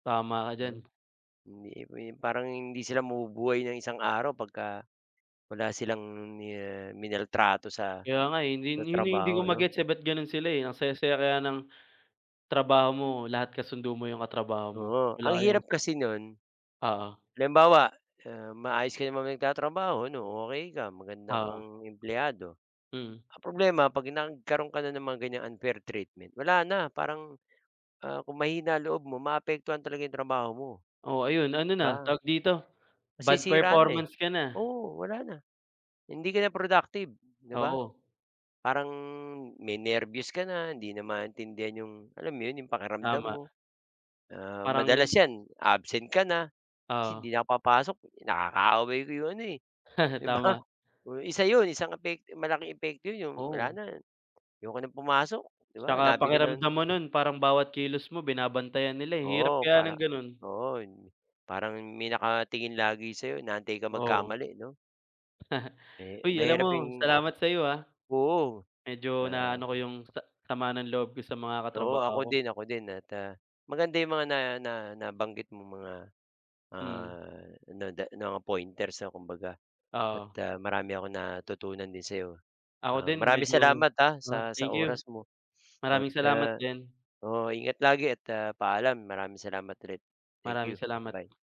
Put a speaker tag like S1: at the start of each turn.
S1: Tama ka
S2: Ha,
S1: diyan.
S2: hindi, eh, parang hindi sila mabubuhay ng isang araw pagka wala silang mina minaltrato sa,
S1: Kaya nga, eh, yun din yung hindi ko
S2: trabaho 'no.
S1: magets, eh, ba't ganon sila, eh, ang saya-saya kaya ng, trabaho mo, lahat kasundo mo yung katrabaho mo,
S2: Oo. Ang
S1: wala kayong
S2: hirap kasi no'n,
S1: Oo.
S2: halimbawa, ah, maayos ka naman nagtatrabaho ano, okey ka, maganda
S1: Oo.
S2: kang empleyado,
S1: Mm.
S2: ang problema 'pag nagkaroon ka na ng mga ganyang unfair treatment wala na parang, ah, kung mahina ang loob mo, maaapektuhan talaga 'yong trabaho mo,
S1: Oo, ayun, ano
S2: 'di
S1: na,
S2: ba?
S1: tawag dito, bad
S2: Masisira na, eh,
S1: performance ka na.
S2: oo, wala na hindi ka na productive, 'di ba?
S1: Oo.
S2: Parang may nerbyos ka na, hindi na maintindihan yung, alam mo yun, yung pakiramdam mo.
S1: Tama.
S2: Ah, madalas
S1: Parang
S2: 'yan absent ka na, kasi
S1: Oo.
S2: hindi na ako papasok, "Nakaaway ko 'yong ano, eh." 'Di ba?
S1: Tama.
S2: Oh, 1 'yon, isang epekto malaking epekto 'yon 'yong, "Wala
S1: Oo.
S2: na, ayoko nang pumasok." 'Di ba?
S1: 'Tsaka
S2: Nabi ka
S1: pakiramdam
S2: ng
S1: mo no'n parang bawat kilos mo binabantayan nila, eh. Hirap
S2: Oo.
S1: kaya ng
S2: Parang,
S1: gano'n.
S2: oo, yung parang may nakatingin lagi sa'yo, inaantay ka
S1: Oo.
S2: magkamali 'no? Eh,
S1: Uy, alam mo,
S2: mahirap yung
S1: salamat sayo, ah.
S2: oo,
S1: Medyo na
S2: ah.
S1: ano ko yung sa sama ng loob ko sa mga
S2: Oo,
S1: katrabaho
S2: ako
S1: ko.
S2: din, ako din. At, ah, maganda 'yong mga na na nabanggit mong mga,
S1: Mm.
S2: ah, nada mga pointers, ah, kumbaga at,
S1: Oo.
S2: ah, marami akong natutunan din sa'yo.
S1: Ako
S2: Ah,
S1: din,
S2: maraming
S1: medyo
S2: salamat, ah,
S1: ah,
S2: sa sa
S1: thank you.
S2: oras mo. At,
S1: Maraming salamat
S2: ah,
S1: diyan.
S2: oo, ingat lagi at, ah, paalam. Maraming salamat ulit. Thank
S1: Maraming
S2: you.
S1: salamat.
S2: Bye.